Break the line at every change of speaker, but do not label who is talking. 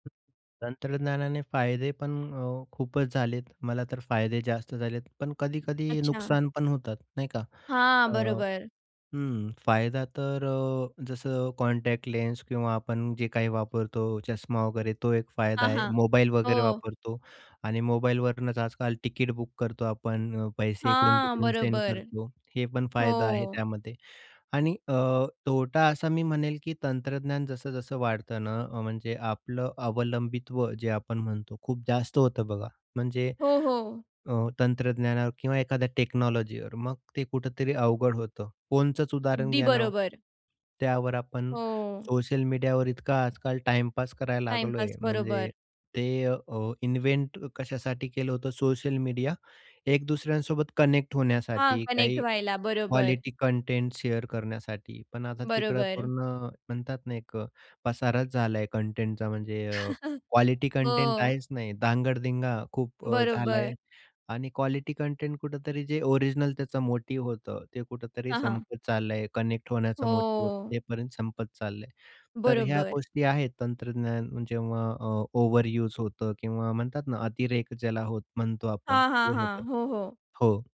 तंत्रज्ञानाने फायदे पण अ, खूपच झालेत मला तर फायदे जास्त झालेत, पण कधी-कधी
अच्छा!
नुकसान पण होतात, नाही का.
हां,
अ,
बरोबर.
हं, फायदा तर अ, जसं कॉन्टॅक्ट लेन्स किंवा आपण जे काही वापरतो, चष्मा वगैरे तो एक फायदा
हां,
आहे.
हां,
मोबाईल वगैरे
हो.
वापरतो आणि मोबाईलवरूनच आजकाल तिकीट बुक करतो आपण, पैसे
हां,
इकडून-तिकडून सेंड
बरोबर,
करतो. हे पण फायदा आहे
हो.
त्यामध्ये आणि अ, तोटा असा मी म्हणेल की तंत्रज्ञान जसं-जसं वाढत ना, अ, म्हणजे आपलं अवलंबित्व जे आपण म्हणतो, खूप जास्त होतं बघा. म्हणजे
हो, हो.
अ, तंत्रज्ञानावर किंवा एखाद्या टेक्नॉलॉजीवर मग ते कुठेतरी अवघड होतं. फोनचचं उदाहरण
अगदी
घ्या ना ओ,
बरोबर.
त्यावर आपण
हो.
सोशल मीडियावर इतका आजकाल टाईम पास करायला
टाईम
लागलोय
पास,
म्हणजे
बरोबर.
ते अ, इन्व्हेंट कशासाठी केलं होतं सोशल मीडियावर? या एक दुसऱ्यांसोबत कनेक्ट
हां,
होण्यासाठी,
कनेक्ट
काही
व्हायला, बरोबर.
क्वालिटी कंटेंट शेअर करण्यासाठी, पण आता तिकडे
बरोबर.
पूर्ण म्हणतात ना, एक पसाराच झालाय कंटेंटचा म्हणजे अ, क्वालिटी कंटेंट
हो.
आहेच नाही, दांगड दिंगा खूप झालाय
बरोबर.
आणि क्वालिटी कंटेंट कुठेतरी जे ओरिजिनल त्याच मोटिव्ह होतं, ते कुठेतरी
हां, हां.
संपत चाललंय, कनेक्ट होण्याचा मोटिव्ह होत ते
हो
पर्यंत संपत चाललंय. तर ह्या
बरोबर.
गोष्टी आहेत तंत्रज्ञान जेव्हा अ, ओव्हरयुज होतं किंवा म्हणतात ना, अतिरेक ज्याला होत म्हणतो आपण
हां, हां,
ते होतं,
हां, हो, हो.
हो.